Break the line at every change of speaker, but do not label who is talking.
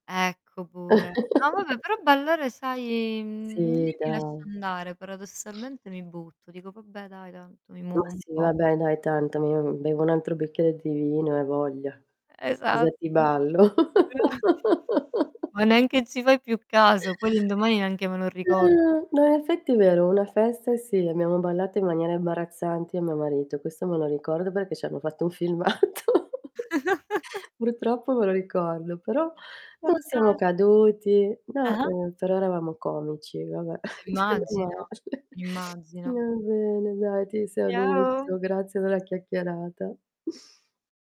Ecco, pure. No vabbè, però ballare sai, mhmm,
Sì,
lì mi lascio
dai.
andare, paradossalmente mi butto. Dico: "Vabbè dai, tanto mi
Ma
muovo un
sì,
po'".
vabbè dai tanto, mi bevo un altro bicchiere di vino e a voglia. Cosa
Esatto.
ti ballo?
Esatto. Ma neanche ci fai più caso, poi l'indomani neanche me lo ricordo.
Eh, no, in effetti è vero, una festa sì, abbiamo ballato in maniera imbarazzante io e mio marito. Questo me lo ricordo, perché ci hanno fatto un filmato. Purtroppo me lo ricordo però non siamo
Fantasti
caduti. No,
ah-ah.
ehm, però eravamo comici vabbè.
Eh,
Menomale
immagino, immagino.
Va bene dai, ti saluto.
Ciao.
Grazie della chiacchierata.